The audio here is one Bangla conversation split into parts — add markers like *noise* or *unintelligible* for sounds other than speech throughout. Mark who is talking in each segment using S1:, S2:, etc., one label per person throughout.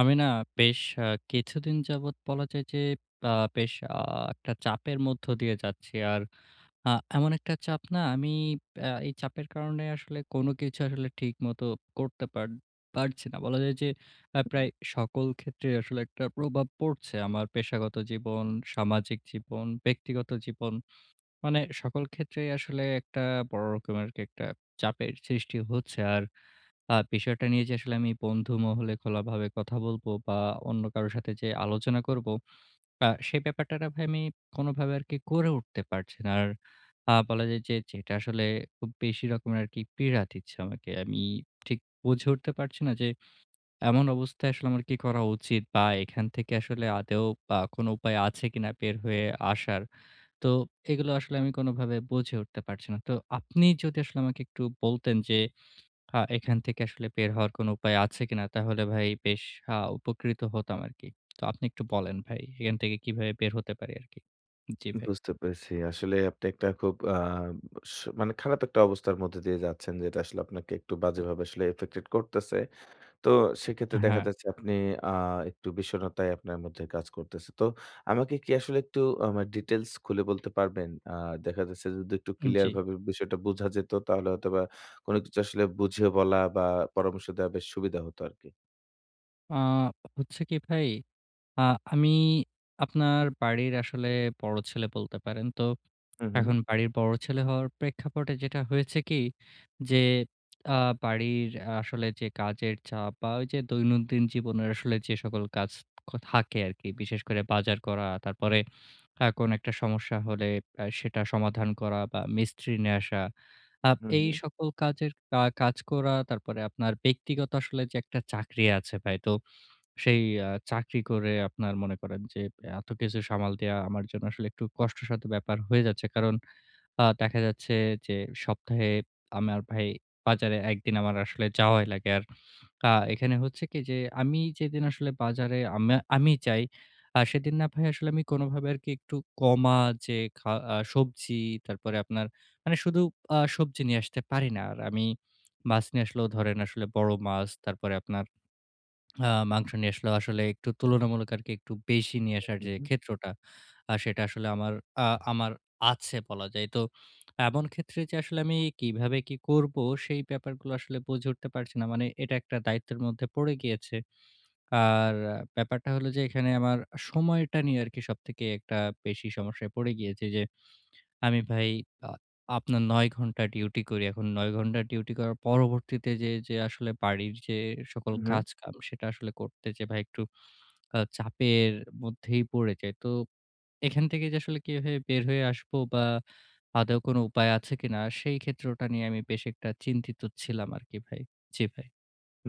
S1: আমি না বেশ অ্যা কিছুদিন যাবত বলা যায় যে অ্যা বেশ আ একটা চাপের মধ্য দিয়ে যাচ্ছি। আর আ এমন একটা চাপ না, আমি আ এই চাপের কারণে আসলে কোন কিছু আসলে ঠিকমতো করতে পার পারছি না। বলা যায় যে আ প্রায়
S2: হু।
S1: সকল ক্ষেত্রেই আসলে একটা প্রভাব পড়ছে। আমার পেশাগত জীবন, সামাজিক জীবন, ব্যক্তিগত জীবন। মানে সকল ক্ষেত্রেই আসলে একটা বড় রকমের আরকি একটা চাপের সৃষ্টি হচ্ছে। আর আ বিষয়টা নিয়ে যে আসলে আমি বন্ধুমহলে খোলাভাবে কথা বলব বা অন্য কারো সাথে যে আলোচনা করব আ সে ব্যাপারটা না, ভাই আমি কোনভাবে আরকি করে উঠতে পারছি না। আর আ বলা যায় যে যেটা আসলে খুব বেশি রকমের আরকি পীড়া দিচ্ছে আমাকে। আমি ঠিক বুঝে উঠতে পারছি না যে, এমন অবস্থায় আসলে আমার কি করা উচিত? বা এখান থেকে আসলে আদৌ আ কোনো উপায় আছে কিনা, বের হয়ে আসার? তো এগুলো আসলে আমি কোনোভাবে বুঝে উঠতে পারছি না। তো আপনি যদি আসলে আমাকে একটু বলতেন যে, আ এখান থেকে আসলে বের হওয়ার কোনো উপায় আছে কিনা? তাহলে ভাই বেশ আ উপকৃত হতাম আরকি। তো আপনি একটু বলেন ভাই, এখান থেকে কিভাবে বের হতে পারি আরকি? জি ভাই।
S2: বুঝতে পেরেছি। আসলে আপনি একটা খুব আ স মানে খারাপ একটা অবস্থার মধ্যে দিয়ে যাচ্ছেন। যেটা আসলে আপনাকে একটু বাজেভাবে আসলে এফেক্টেড করতেছে। তো সেক্ষেত্রে দেখা
S1: হ্যাঁ।
S2: যাচ্ছে আপনি আ একটু বিষণ্নতাই আপনার মধ্যে কাজ করতেছে। তো আমাকে কি আসলে একটু আ মা ডিটেইলস খুলে বলতে পারবেন? আ দেখা যাচ্ছে যদি একটু ক্লিয়ার
S1: জি।
S2: ভাবে বিষয়টা বুঝা যেত তাহলে হয়তোবা, কোনো কিছু আসলে বুঝিয়ে বলা বা পরামর্শ দেওয়া বেশ সুবিধা হতো আরকি।
S1: আ হচ্ছে কি ভাই, আ আমি আপনার বাড়ির আসলে বড় ছেলে বলতে পারেন। তো
S2: হু, হু।
S1: এখন বাড়ির বড় ছেলে হওয়ার প্রেক্ষাপটে যেটা হয়েছে কি যে আ বাড়ির আসলে যে কাজের চাপ, বা ওই যে দৈনন্দিন জীবনের আসলে যে সকল কাজ ক থাকে আরকি। বিশেষ করে বাজার করা তারপরে আ কোন একটা সমস্যা হলে আ সেটা সমাধান করা বা মিস্ত্রি নিয়ে আসা। আ
S2: হু,
S1: এই
S2: হু।
S1: সকল কাজের কা কাজ করা তারপরে আপনার ব্যক্তিগত আসলে যে একটা চাকরি আছে ভাই। তো সেই আ চাকরি করে আপনার মনে করেন যে এত কিছু সামাল দেওয়া আমার জন্য আসলে একটু কষ্টসাধ্য ব্যাপার হয়ে যাচ্ছে। কারণ আ দেখা যাচ্ছে যে সপ্তাহে আমার ভাই বাজারে একদিন আমার আসলে যাওয়াই লাগে। আর আ এখানে হচ্ছে কি যে আমি যেদিন আসলে বাজারে আমে আমি যাই আ সেদিন না ভাই আসলে আমি কোনোভাবে আরকি একটু কমা যে খা আ সবজি তারপরে আপনার মানে শুধু আ সবজি নিয়ে আসতে পারি না। আমি মাছ নিয়ে আসলেও ধরেন আসলে বড় মাছ। তারপরে আপনার আ মাংস নিয়ে আসলে আসলে একটু তুলনামূলক আরকি একটু বেশি নিয়ে আসার
S2: হু,
S1: যে
S2: হু।
S1: ক্ষেত্রটা আ সেটা আসলে আমার আ আমার আছে বলা যায়। তো এমন ক্ষেত্রে যে আসলে আমি কিভাবে কি করবো সেই ব্যাপারগুলো আসলে বুঝে উঠতে পারছি না। মানে এটা একটা দায়িত্বের মধ্যে পড়ে গিয়েছে। আর ব্যাপারটা হলো যে এখানে আমার সময়টা নিয়ে আরকি সবথেকে একটা বেশি সমস্যায় পড়ে গিয়েছে। যে আমি ভাই আ আপনার ৯ ঘন্টা ডিউটি করি। এখন ৯ ঘন্টা ডিউটি করার পরবর্তীতে যে, যে আসলে বাড়ির যে সকল
S2: হু, হু।
S1: কাজকাম সেটা আসলে করতে যে ভাই একটু আ চাপের মধ্যেই পড়ে যাই। তো এখান থেকে যে আসলে কিভাবে বের হয়ে আসব বা আদৌ কোনো উপায় আছে কিনা সেই ক্ষেত্রটা নিয়ে আমি বেশ একটা চিন্তিত ছিলাম আরকি ভাই। জি ভাই।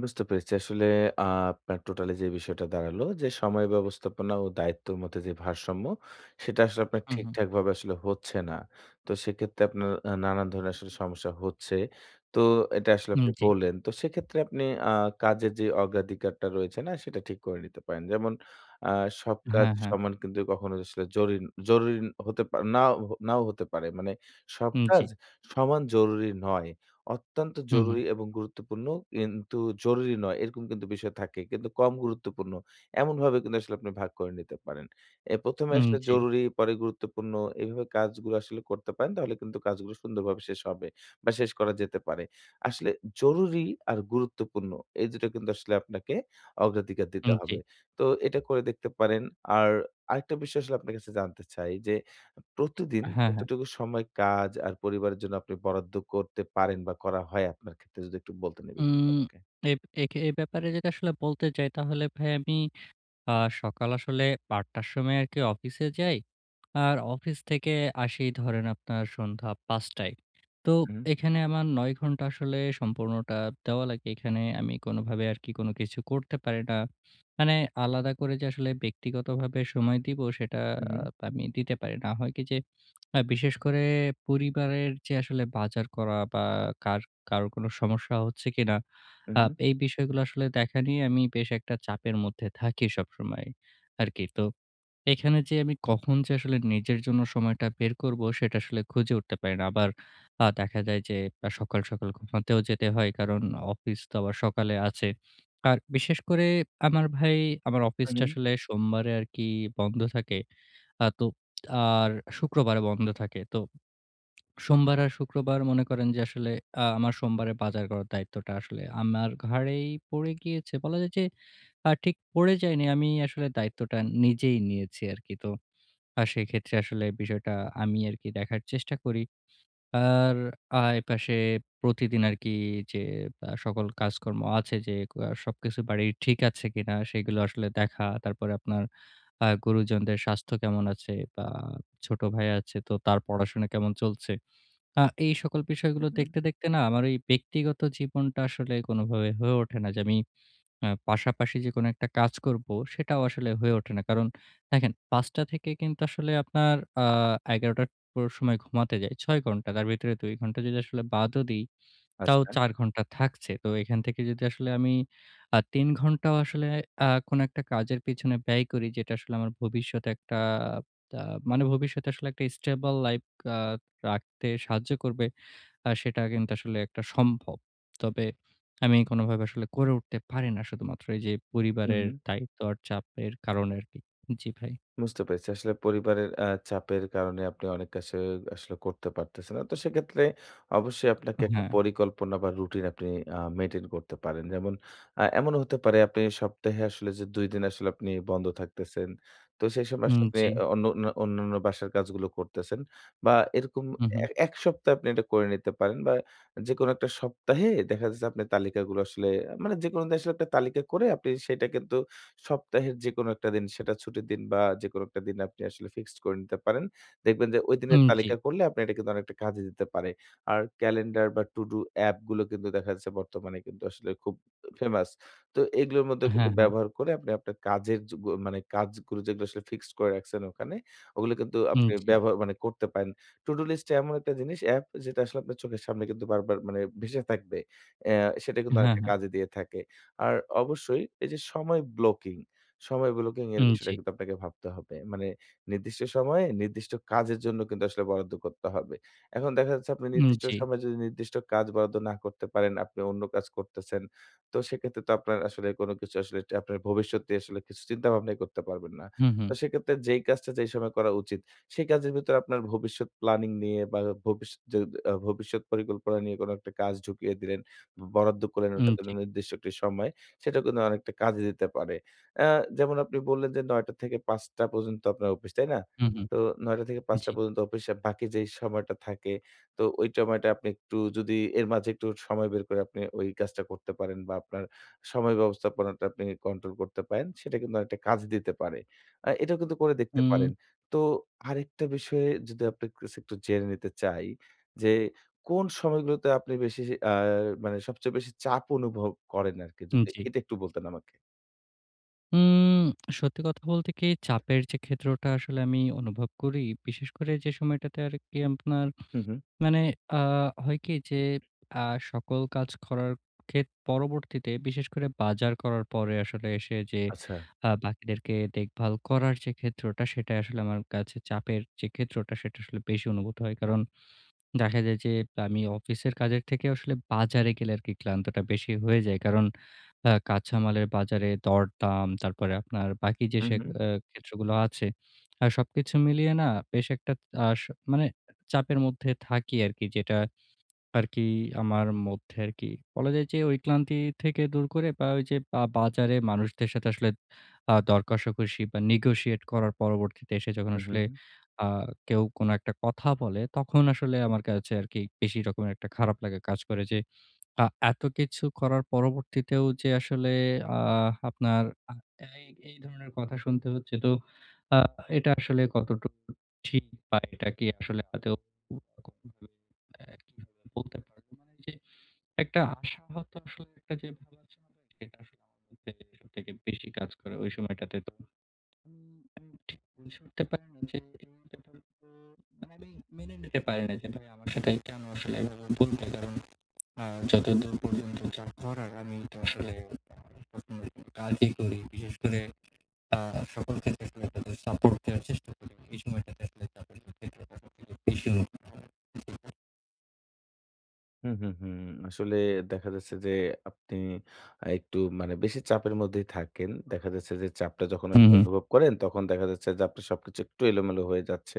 S2: বুঝতে পেরেছি। আসলে আ আপনার টোটালি যে বিষয়টা দাঁড়ালো যে সময় ব্যবস্থাপনা ও দায়িত্বের মধ্যে যে ভারসাম্য সেটা আসলে আপনার
S1: হুম, হুম।
S2: ঠিকঠাকভাবে আসলে হচ্ছে না। তো সেক্ষেত্রে আপনার আ নানান ধরনের আসলে সমস্যা হচ্ছে। তো এটা আসলে
S1: হুম
S2: আপনি
S1: জি।
S2: বললেন তো সেক্ষেত্রে আপনি আ কাজের যে অগ্রাধিকারটা রয়েছে না সেটা ঠিক করে নিতে পারেন। যেমন আ সব কাজ
S1: হ্যাঁ, হ্যাঁ
S2: সমান কিন্তু কখনো আসলে জরিন জরুরি হতে পা নাও নাও হতে পারে। মানে সব
S1: হুম জি।
S2: কাজ সমান জরুরি নয়। অত্যন্ত
S1: হু, হু।
S2: জরুরি এবং গুরুত্বপূর্ণ কিন্তু জরুরি নয় এরকম কিন্তু বিষয় থাকে কিন্তু কম গুরুত্বপূর্ণ। এমনভাবে কিন্তু আসলে আপনি ভাগ করে নিতে পারেন। এ ১ম এ
S1: হুম
S2: আসলে
S1: জি।
S2: জরুরি পরে, গুরুত্বপূর্ণ এইভাবে কাজগুলো আসলে করতে পারেন। তাহলে কিন্তু কাজগুলো সুন্দরভাবে শেষ হবে বা শেষ করা যেতে পারে। আসলে জরুরি আর গুরুত্বপূর্ণ এই দুটা কিন্তু আসলে আপনাকে অগ্রাধিকার দিতে
S1: হুম জি।
S2: হবে। তো এটা করে দেখতে পারেন। আর আরেকটা বিষয় আসলে আপনার কাছে জানতে চাই যে প্রতিদিন
S1: হ্যাঁ, হ্যাঁ।
S2: কতটুকু সময় কাজ আর পরিবারের জন্য আপনি বরাদ্দ করতে পারেন, বা করা হয় আপনার ক্ষেত্রে? যদি একটু বলতেন এই বিষয়টা
S1: উম
S2: আমাকে।
S1: এপ একে এ ব্যাপারে যেটা আসলে বলতে চাই তাহলে ভাই আমি আ সকাল আসলে ৮ টার সময় আরকি অফিসে যাই। আর অফিস থেকে আসি ধরেন আপনার সন্ধ্যা ৫ টায়। তো
S2: হুম।
S1: এখানে আমার ৯ ঘন্টা আসলে সম্পূর্ণটা দেওয়া লাগে। এখানে আমি কোনোভাবে আর কি কোন কিছু করতে পারি না। মানে আলাদা করে যে আসলে ব্যক্তিগতভাবে সময় দিবো সেটা
S2: হুম,
S1: আ
S2: হুম।
S1: আমি দিতে পারি না। হয় কি যে অ্যা *clicks tongue* বিশেষ করে পরিবারের যে আসলে বাজার করা বা কার কারোর কোনো সমস্যা হচ্ছে কিনা
S2: উম,
S1: আ
S2: হুম।
S1: এই বিষয়গুলো আসলে দেখা নিয়ে আমি বেশ একটা চাপের মধ্যে থাকি সবসময় আরকি। *clicks tongue* তো এখানে যে আমি কখন যে আসলে নিজের জন্য সময়টা বের করব সেটা আসলে খুঁজে উঠতে পারি না। আবার আ দেখা যায় যে সকাল সকাল ঘুমাতেও যেতে হয়। কারণ অফিস তো আবার সকালে আছে। আর বিশেষ করে আমার ভাই আমার অফিসটা
S2: হুম।
S1: আসলে সোমবারে আরকি বন্ধ থাকে। আ তো আর *clicks tongue* শুক্রবারে বন্ধ থাকে। তো সোমবার *clicks tongue* আর শুক্রবার মনে করেন যে আসলে আ আমার সোমবারে বাজার করার দায়িত্বটা আসলে আমার ঘাড়েই পড়ে গিয়েছে। বলা যায় যে আ ঠিক পড়ে যাইনি। আমি আসলে দায়িত্বটা নিজেই নিয়েছি আরকি। তো আ সেইক্ষেত্রে আসলে বিষয়টা আমি আরকি দেখার চেষ্টা করি। আর আ এপাশে প্রতিদিন আরকি যে আ সকল কাজকর্ম আছে যে সবকিছু বাড়ির ঠিক আছে কিনা সেগুলো আসলে দেখা। তারপরে আপনার আ গুরুজনদের স্বাস্থ্য কেমন আছে বা ছোট ভাই আছে তো তার পড়াশোনা কেমন চলছে। আ এই সকল
S2: উম
S1: বিষয়গুলো
S2: হুম।
S1: দেখতে দেখতে না আমার ঐ ব্যক্তিগত জীবনটা আসলে কোনভাবে হয়ে ওঠে না যে আমি অ্যা পাশাপাশি যে কোনো একটা কাজ করব সেটাও আসলে হয়ে ওঠে না। কারণ দেখেন ৫ টা থেকে কিন্তু আসলে আপনার আ ১১ টার পুরো সময় ঘুমাতে যাই। ৬ ঘন্টা। তার ভেতরে ২ ঘন্টা যদি আসলে বাদও দেই তাও
S2: আচ্ছা।
S1: ৪ ঘন্টা থাকছে। তো এখান থেকে যদি আসলে আমি আ ৩ ঘন্টাও আসলে আ কোনো একটা কাজের পিছনে ব্যয় করি, যেটা আসলে আমার ভবিষ্যতে একটা আ মানে ভবিষ্যতে আসলে একটা স্টেবল লাইফ আ রাখতে সাহায্য করবে। আ সেটা কিন্তু আসলে একটা সম্ভব। তবে আমি কোনোভাবে আসলে করে উঠতে পারি না শুধুমাত্র এইযে
S2: উম
S1: পরিবারের
S2: হুম।
S1: দায়িত্ব আর চাপের কারণে আরকি। জি ভাই।
S2: বুঝতে পেরেছি। আসলে পরিবারের আ চাপের কারণে আপনি অনেক কাশি আসলে করতে পারতেছেন না। তো সেক্ষেত্রে অবশ্যই আপনাকে একটা
S1: হ্যাঁ।
S2: পরিকল্পনা বা রুটিন আপনি আ মেইনটেইন করতে পারেন। যেমন অ্যা এমনও হতে পারে আপনি সপ্তাহে আসলে যে ২ দিন আসলে আপনি বন্ধ থাকতেছেন, তো সেই সময়
S1: হুম
S2: আসলে আপনি
S1: জি।
S2: অনুন্যা অন্যান্য বাসার কাজগুলো করতেছেন। বা এরকম
S1: হুম, হুম।
S2: এ ১ সপ্তাহে আপনি এটা করে নিতে পারেন বা যেকোনো একটা সপ্তাহে দেখা যাচ্ছে আপনি তালিকাগুলো আসলে মানে যেকোনো উদ্দেশ্যে একটা তালিকা করে আপনি সেটা কিন্তু সপ্তাহের যেকোনো এ একটা সেটা দিন ছুটির দিন বা যেকোনো একটা দিন আপনি আসলে ফিক্সড করে নিতে পারেন। দেখবেন যে ঐদিনের
S1: উম জি।
S2: তালিকা করলে আপনি এটা কিন্তু অনেকটা কাজে দিতে পারে। আর ক্যালেন্ডার বা To do app গুলো কিন্তু দেখা যাচ্ছে বর্তমানে কিন্তু আসলে খুব ফেমাস। তো এগুলোর মধ্যে কিন্তু
S1: হ্যাঁ, হ্যাঁ।
S2: ব্যবহার করে আপনি আপনার কাজের যেগুল মানে কাজগুলো যেগুলো আসলে ফিক্সড করে রাখছেন ওখানে, ওগুলো কিন্তু
S1: হুম,
S2: আপনি
S1: জি।
S2: ব্যবহার মানে করতে পারেন। To do এমন একটা জিনিস App যেটা আসলে আপনার চোখের সামনে কিন্তু বারবার মানে ভেসে থাকবে। অ্যা সেটা কিন্তু
S1: হ্যাঁ,
S2: অনেকটা
S1: হ্যাঁ।
S2: কাজে দিয়ে থাকে। আর অবশ্যই এই যে সময় ব্লকিং সময় ব্লকিং এর
S1: উম,
S2: বিষয়টা
S1: জি।
S2: কিন্তু আপনাকে ভাবতে হবে। মানে নির্দিষ্ট সময়ে নির্দিষ্ট কাজের জন্য কিন্তু আসলে বরাদ্দ করতে হবে। এখন দেখা যাচ্ছে আপনি
S1: উম,
S2: নির্দিষ্ট
S1: জি।
S2: সময়ে যদি নির্দিষ্ট কাজ বরাদ্দ না করতে পারেন, আপনি অন্য কাজ করতেছেন তো সেক্ষেত্রে তো আপনার আসলে কোন কিছু আসলে আপনার ভবিষ্যতটি আসলে কিছু চিন্তাভাবনাই করতে পারবেন না।
S1: হুম,
S2: তো
S1: হুম।
S2: সেক্ষেত্রে যেই কাজটা যেই সময় করা উচিত, সেই কাজের ভেতরে আপনার ভবিষ্যৎ প্ল্যানিং নিয়ে বা ভবিষ্যৎ য ভবিষ্যৎ পরিকল্পনা নিয়ে কোনো একটা কাজ ঢুকিয়ে দিলেন, বরাদ্দ করলেন ওটা
S1: উম,
S2: তইলে
S1: জি। *clicks tongue*
S2: নির্দিষ্ট সময়, সেটা কিন্তু অনেকটা কাজে দিতে পারে। অ্যা যেমন আপনি বললেন যে ৯ টা থেকে ৫ টা পর্যন্ত আপনার অফিস তাই না?
S1: হুম, হুম
S2: তো ৯ টা থেকে ৫ টা
S1: জি।
S2: পর্যন্ত অফিস আর বাকি যেই সময়টা থাকে তো ঐ সময়টা আপনি একটু যদি এর মাঝে একটু সময় বের করে আপনি ঐ কাজটা করতে পারেন, বা আপনার সময় ব্যবস্থাপনাটা আপনি কন্ট্রোল করতে পারেন, সেটা কিন্তু অনেকটা কাজ দিতে পারে। আ এটাও কিন্তু করে দেখতে পারেন।
S1: হুম।
S2: তো আরেকটা বিষয় যদি আপনি কাছে একটু জেনে নিতে চাই যে, কোন সময়গুলোতে আপনি বেশি আ মানে সবচেয়ে বেশি চাপ অনুভব করেন আরকি?
S1: হুম
S2: যদি
S1: জি।
S2: এটা একটু বলতেন আমাকে।
S1: হুম, সত্যি কথা বলতে কি চাপের যে ক্ষেত্রটা আসলে আমি অনুভব করি বিশেষ করে যে সময়টাতে আর কি আপনার
S2: হুম, হুম।
S1: মানে আ হয় কি যে আ সকল কাজ করার ক্ষেত্রে পরবর্তীতে বিশেষ করে বাজার করার পরে আসলে এসে যে
S2: আচ্ছা।
S1: আ বাকিদেরকে দেখভাল করার যে ক্ষেত্রটা সেটা আসলে আমার কাছে চাপের যে ক্ষেত্রটা সেটা আসলে বেশি অনুভূত হয়। কারণ দেখা যায় যে আমি অফিসের কাজের থেকে আসলে বাজারে গেলে আর কি ক্লান্তটা বেশি হয়ে যাই। কারণ আ কাঁচা মালের বাজারে দর দাম, তারপরে আপনার বাকি যে
S2: হুম,
S1: সে
S2: হুম।
S1: আ ক্ষেত্রগুলো আছে সবকিছু মিলিয়ে না বেশ একটা আ স মানে চাপের মধ্যে থাকি আরকি যেটা আরকি আমার মধ্যে আরকি। বলা যায় যে ঐ ক্লান্তি থেকে দূর করে বা ঐযে বা বাজারে মানুষদের সাথে আসলে আ দরকষাকষি বা নেগোশিয়েট করার পরবর্তীতে এসে যখন
S2: হুম, হুম,
S1: আসলে
S2: হুম।
S1: আ কেউ কোনো একটা কথা বলে তখন আসলে আমার কাছে আরকি বেশি রকমের একটা খারাপ লাগা কাজ করে। যে আ এত কিছু করার পরবর্তীতেও যে আসলে আ আপনার *unintelligible* এই ধরনের কথা শুনতে হচ্ছে তো এটা আসলে কতটুকু ঠিক বা এটা কি আসলে *unintelligible* বলতে পারব যে একটা আশা হয়ত *unintelligible* বেশি কাজ করে ওই সময়টাতে তো আমি ঠিক বুঝতে পারি না *unintelligible* যে আমি মেনে নিতে পারি না যে আমার সাথে কেন আসলে এভাবে বলবে কারণ আ যতদূর পর্যন্ত যা করার আমি তো আসলে *unintelligible* কাজই করি বিশেষ করে আ সকলকে *unintelligible* সাপোর্ট দেওয়ার চেষ্টা করি এই আ সময়টাতে আপনার *unintelligible*
S2: হুম, হুম, হুম। আসলে দেখা যাচ্ছে যে আপনি একটু মানে বেশি চাপের মধ্যেই থাকেন। দেখা যাচ্ছে যে চাপটা যখন
S1: হু,
S2: আপনি
S1: হু।
S2: অনুভব করেন তখন দেখা যাচ্ছে যে আপনার সবকিছু একটু এলোমেলো হয়ে যাচ্ছে।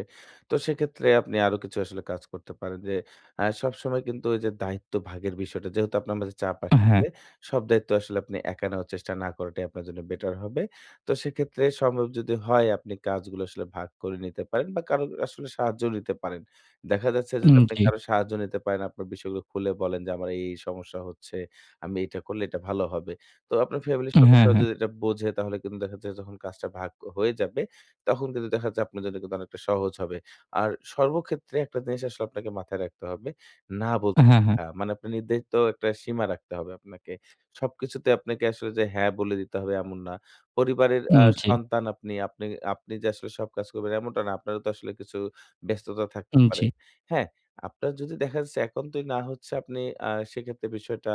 S2: তো সেক্ষেত্রে আপনি আরো কিছু আসলে কাজ করতে পারেন। যে আ সবসময় কিন্তু ওইযে দায়িত্ব ভাগের বিষয়টা যেহেতু আপনার মাঝে চাপ আসছে।
S1: হ্যাঁ।
S2: সব দায়িত্ব আসলে আপনি একা নেওয়ার চেষ্টা না করাটাই আপনার জন্য বেটার হবে। তো সেক্ষেত্রে সম্ভব যদি হয় আপনি কাজগুলো আসলে ভাগ করে নিতে পারেন বা, কারো আসলে সাহায্য নিতে পারেন। দেখা যাচ্ছে যে
S1: হুম।
S2: আপনি
S1: জি।
S2: কারোর সাহায্য নিতে পারেন। আপনার বিষয়গুলো খুলে বলেন যে আমার এই, এই সমস্যা হচ্ছে। আমি এটা করলে এটা ভালো হবে। তো আপনার ফ্যামিলির
S1: হ্যাঁ,
S2: সদস্যরা
S1: হ্যাঁ।
S2: যদি এটা বোঝে তাহলে কিন্তু দেখা যায় যখন কাজটা ভাগ হয়ে যাবে, তখন কিন্তু দেখা যায় আপনার জন্য অনেকটা সহজ হবে। আর সর্বক্ষেত্রে একটা জিনিস আসলে আপনাকে মাথায় রাখতে হবে। না বলতে
S1: হ্যাঁ,
S2: শেখা।
S1: হ্যাঁ।
S2: মানে আপনি নির্ধারিত একটা সীমা রাখতে হবে আপনাকে। সবকিছুতে আপনাকে আসলে যে "হ্যাঁ" বলে দিতে হবে এমন না। পরিবারের আ
S1: হুম। জি।
S2: সন্তান আপনি, আপনি, আপনি যে আসলে সব কাজ করবেন এমনটা না। আপনারও তো আসলে কিছু ব্যস্ততা থাকতে
S1: হুম। জি।
S2: পারে। হ্যাঁ? আপনার যদি দেখা যাচ্ছে এখন তো না হচ্ছে আপনি আ সেক্ষেত্রে বিষয়টা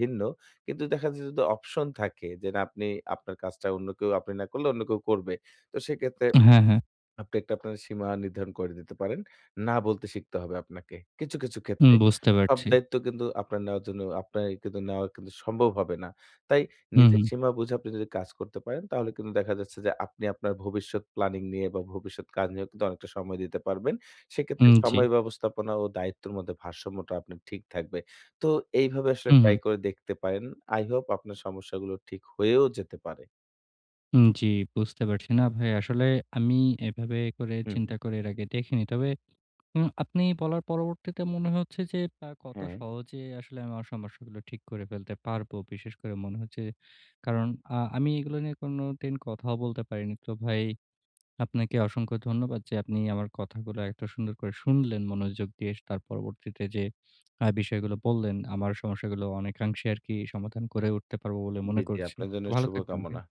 S2: ভিন্ন। কিন্তু দেখা যাচ্ছে যদি অপশন থাকে, যে না আপনি আপনার কাজটা অন্য কেউ আপনি না করলে অন্য কেউ করবে। তো সেক্ষেত্রে
S1: হ্যাঁ, হ্যাঁ।
S2: আপনি একটা আপনার সীমা নির্ধারণ করে দিতে পারেন। না বলতে শিখতে হবে আপনাকে। কিছু, কিছু ক্ষেত্রে।
S1: বুঝতে
S2: সব
S1: পারছি।
S2: দায়িত্ব কিন্তু আপনার নেওয়ার জন্য আপনার কিন্তু নেওয়া কিন্তু সম্ভব হবে না। তাই
S1: হু,
S2: নিজের
S1: হু।
S2: সীমা বুঝে আপনি যদি কাজ করতে পারেন তাহলে কিন্তু দেখা যাচ্ছে যে আপনি আপনার ভবিষ্যৎ প্ল্যানিং নিয়ে বা, ভবিষ্যৎ কাজ নিয়েও কিন্তু অনেকটা সময় দিতে পারবেন। সেক্ষেত্রে
S1: হুম। জি।
S2: সময় ব্যবস্থাপনা ও দায়িত্বর মধ্যে ভারসাম্যটা আপনার ঠিক থাকবে। তো এইভাবে আসলে
S1: হু,
S2: ট্রাই
S1: হু।
S2: করে দেখতে পারেন। আই হোপ আপনার সমস্যাগুলো ঠিক হয়েও যেতে পারে।
S1: হুম। জি। বুঝতে পারছি না ভাই। আসলে আমি এভাবে করে
S2: হু, হু।
S1: চিন্তা করে এর আগে দেখিনি। তবে উম আপনি বলার পরবর্তীতে মনে হচ্ছে যে আ কত
S2: হ্যাঁ।
S1: সহজে আসলে আমার সমস্যাগুলো ঠিক করে ফেলতে পারব। বিশেষ করে মনে হচ্ছে কারণ আ আমি এগুলো নিয়ে কোনোদিন কথাও বলতে পারিনি। তো ভাই আপনাকে অসংখ্য ধন্যবাদ যে আপনি আমার কথাগুলো এত সুন্দর করে শুনলেন মনোযোগ দিয়ে। তার পরবর্তীতে যে আ বিষয়গুলো বললেন, আমার সমস্যাগুলো অনেকাংশে আরকি সমাধান করে উঠতে পারব বলে
S2: জি,
S1: মনে
S2: জি।
S1: করছি।
S2: আপনার জন্য
S1: ভালো থাকবেন
S2: শুভকামনা।
S1: ভাই।